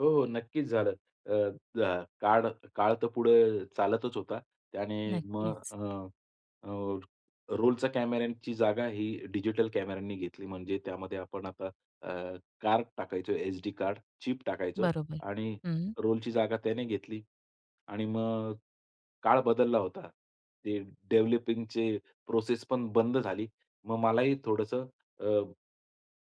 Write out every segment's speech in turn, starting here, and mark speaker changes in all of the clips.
Speaker 1: हो, हो. नक्कीच झालं. अ, जा काळ, काळ तर पुढं चालतच होता. आणि मग
Speaker 2: नक्कीच.
Speaker 1: अ, अ, रोलच्या कॅमेऱ्यांची जागा ही डिजिटल कॅमेऱ्यांनी घेतली. म्हणजे त्यामध्ये आपण आता अ, कार्ड टाकायचो एसडी कार्ड, चीप टाकायचो
Speaker 2: बरोबर.
Speaker 1: आणि
Speaker 2: हं.
Speaker 1: रोलची जागा त्याने घेतली. आणि मग काळ बदलला होता. ते डेव्हलपिंगचे प्रोसेस पण बंद झाली. मग मलाही थोडंसं अ,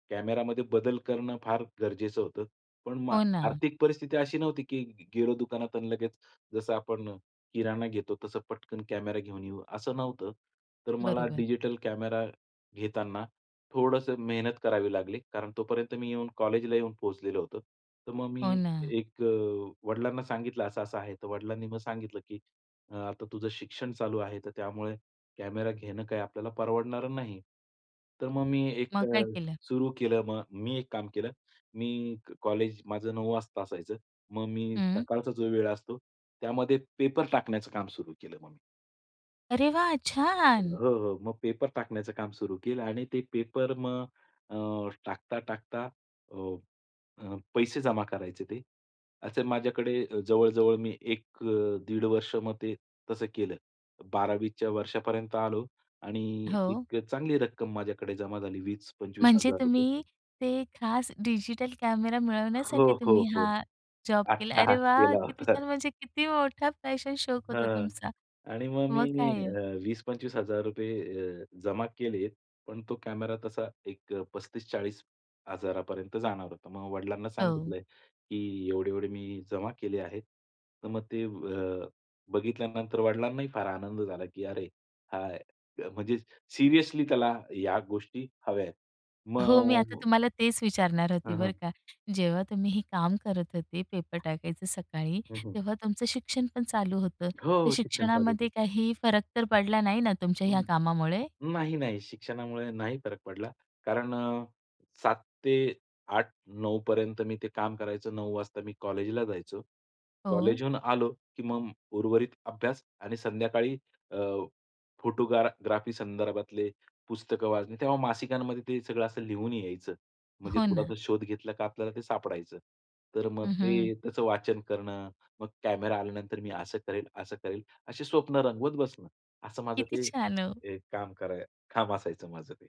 Speaker 1: कॅमेरामध्ये बदल करणं फार गरजेचं होतं. पण मग
Speaker 2: हो ना.
Speaker 1: आर्थिक परिस्थिती अशी नव्हती, की गेलो दुकानात आणि लगेच जसं आपण किराणा घेतो तसं पटकन कॅमेरा घेऊन येऊ, असं नव्हतं. तर मला
Speaker 2: बरोबर.
Speaker 1: डिजिटल कॅमेरा घेताना थोडंसं मेहनत करावी लागली. कारण तोपर्यंत मी येऊन कॉलेजला येऊन पोहोचलेलो होतो. तर मग
Speaker 2: हो
Speaker 1: मी
Speaker 2: ना.
Speaker 1: एक अ, वडिलांना सांगितलं असं-असं आहे. तर वडिलांनी मग सांगितलं, की आता तुझं शिक्षण चालू आहे. तर त्यामुळे कॅमेरा घेणं काय आपल्याला परवडणारं नाही. तर मग मी एक
Speaker 2: मग काय
Speaker 1: अ,
Speaker 2: केलं?
Speaker 1: सुरू केलं मग. मी एक काम केलं. मी एक कॉलेज, माझं 9:00 वाजता असायचं. मग मी
Speaker 2: हं.
Speaker 1: सकाळचा जो वेळ असतो, त्यामध्ये पेपर टाकण्याचं काम सुरू केलं मग मी.
Speaker 2: अरे वाह! छान.
Speaker 1: हो, हो. मग पेपर टाकण्याचं काम सुरू केलं आणि ते पेपर मग अ, टाकता, टाकता अ, अ, पैसे जमा करायचे ते. असे माझ्याकडे अ, जवळ-जवळ मी एक अ, 1.5 वर्ष मग ते तसं केलं. 12वी च्या वर्षापर्यंत आलो आणि
Speaker 2: हो.
Speaker 1: एक चांगली रक्कम माझ्याकडे जमा झाली, वीस पंचवीस
Speaker 2: म्हणजे
Speaker 1: हजार रुपये.
Speaker 2: तुम्ही ते खास डिजिटल कॅमेरा
Speaker 1: हो,
Speaker 2: मिळवण्यासाठी
Speaker 1: हो,
Speaker 2: तुम्ही
Speaker 1: हो.
Speaker 2: हा जॉब केला. अरे
Speaker 1: अट्टाहास
Speaker 2: वाह!
Speaker 1: केला
Speaker 2: किती
Speaker 1: होता.
Speaker 2: छान म्हणजे किती मोठा पॅशन, शोक होता
Speaker 1: हां.
Speaker 2: तुमचा.
Speaker 1: आणि मग मी
Speaker 2: मग काय हो?
Speaker 1: अ, ₹20,000-₹25,000 अ, जमा केलेत पण तो कॅमेरा तसा एक अ, 35,000-40,000 जाणार होता. मग वडिलांना
Speaker 2: हो.
Speaker 1: सांगितलं आहे, की "एवढे, एवढे मी जमा केले आहेत." तर मग ते अ, बघितल्यानंतर वडिलांनाही फार आनंद झाला, की अरे हा म्हणजे सिरियसली त्याला या गोष्टी हव्या आहेत.
Speaker 2: हो. मी आता
Speaker 1: मग
Speaker 2: तुम्हाला तेच विचारणार होती
Speaker 1: हां,
Speaker 2: बरं
Speaker 1: हां.
Speaker 2: का. जेव्हा तुम्ही हे काम करत होते पेपर टाकायचं सकाळी,
Speaker 1: हं, हं.
Speaker 2: तेव्हा तुमचं शिक्षण पण चालू होतं.
Speaker 1: हो,
Speaker 2: तर
Speaker 1: हो. शिक्षण चालूच
Speaker 2: शिक्षणामध्ये
Speaker 1: होतं.
Speaker 2: काही फरक तर पडला नाही ना तुमच्या ह्या
Speaker 1: हं.
Speaker 2: कामामुळे?
Speaker 1: नाही, नाही. शिक्षणामुळे नाही फरक पडला. कारण अ, 7:00 ते 8:00, 9:00 पर्यंत मी ते काम करायचो. 9:00 वाजता मी कॉलेजला जायचो.
Speaker 2: हो.
Speaker 1: कॉलेजहून आलो, की मग उर्वरित अभ्यास आणि संध्याकाळी अ, फोटोग्रा ग्राफी संदर्भातले पुस्तकं वाचणे. तेव्हा मासिकांमध्ये ते सगळं असं लिहून यायचं. म्हणजे
Speaker 2: हो
Speaker 1: थोडासा
Speaker 2: ना.
Speaker 1: शोध घेतला का आपल्याला ते सापडायचं. तर मग
Speaker 2: हं, हं.
Speaker 1: ते त्याचं वाचन करणं, मग कॅमेरा आल्यानंतर मी असं करेल, असं करेल अशी स्वप्न रंगवत बसणं. असं माझं
Speaker 2: किती
Speaker 1: ते
Speaker 2: छान हो.
Speaker 1: एक काम करा काम असायचं माझं ते.